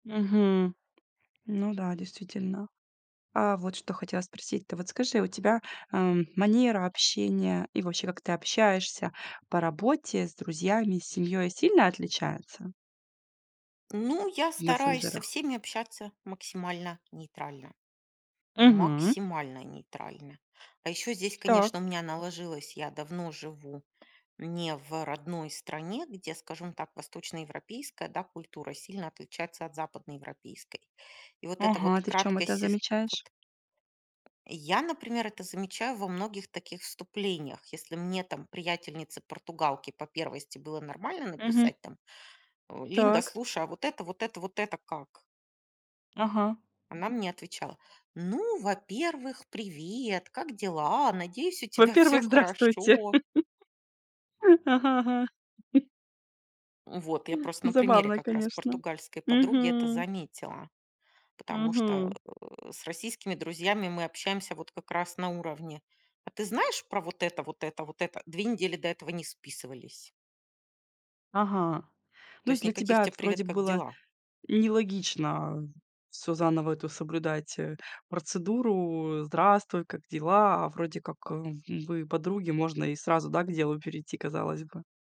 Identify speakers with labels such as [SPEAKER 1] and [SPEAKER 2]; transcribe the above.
[SPEAKER 1] Мгм. Ну да, действительно. А, вот что хотела спросить. Ты вот скажи, у тебя, эм, манера общения и вообще, как ты общаешься по работе, с друзьями, с семьёй сильно отличается?
[SPEAKER 2] Ну, я
[SPEAKER 1] В
[SPEAKER 2] стараюсь со
[SPEAKER 1] мессенджерах.
[SPEAKER 2] всеми общаться максимально нейтрально,
[SPEAKER 1] Мгм.
[SPEAKER 2] максимально нейтрально. А ещё здесь, конечно,
[SPEAKER 1] Так.
[SPEAKER 2] у меня наложилось, я давно живу не в родной стране, где скажем так, восточноевропейская, да, культура сильно отличается от западноевропейской. И вот эта вот
[SPEAKER 1] Ага, ты в чём
[SPEAKER 2] краткость
[SPEAKER 1] это
[SPEAKER 2] сес вот
[SPEAKER 1] замечаешь?
[SPEAKER 2] Я, например, это замечаю во многих таких вступлениях. Если мне там приятельнице-португалке по первости было нормально
[SPEAKER 1] Мгм.
[SPEAKER 2] написать там, э: "Линда,
[SPEAKER 1] Так.
[SPEAKER 2] слушай, а вот это, вот это, вот это как?"
[SPEAKER 1] Ага.
[SPEAKER 2] Она мне отвечала: "Ну, во-первых, привет, как дела? Надеюсь, у тебя всё
[SPEAKER 1] Во-первых, здравствуйте.
[SPEAKER 2] хорошо".
[SPEAKER 1] Ага, ага.
[SPEAKER 2] Вот. Я просто на примере
[SPEAKER 1] Забавно,
[SPEAKER 2] как раз
[SPEAKER 1] конечно.
[SPEAKER 2] португальской подруги это
[SPEAKER 1] Мгм.
[SPEAKER 2] заметила, потому что,
[SPEAKER 1] Мгм.
[SPEAKER 2] э, с российскими друзьями мы общаемся вот как раз на уровне: "А ты знаешь про вот это, вот это, вот это?" 2 недели до этого не списывались.
[SPEAKER 1] Ага. Ну
[SPEAKER 2] То
[SPEAKER 1] есть
[SPEAKER 2] есть
[SPEAKER 1] для
[SPEAKER 2] никаких
[SPEAKER 1] тебя это
[SPEAKER 2] тебе:
[SPEAKER 1] вроде
[SPEAKER 2] "Привет, как
[SPEAKER 1] было
[SPEAKER 2] дела?"
[SPEAKER 1] нелогично, э, всё заново эту соблюдать, э, процедуру. "Здравствуй, как дела?" А вроде как, хм, вы подруги, можно и сразу, да, к делу перейти, казалось бы.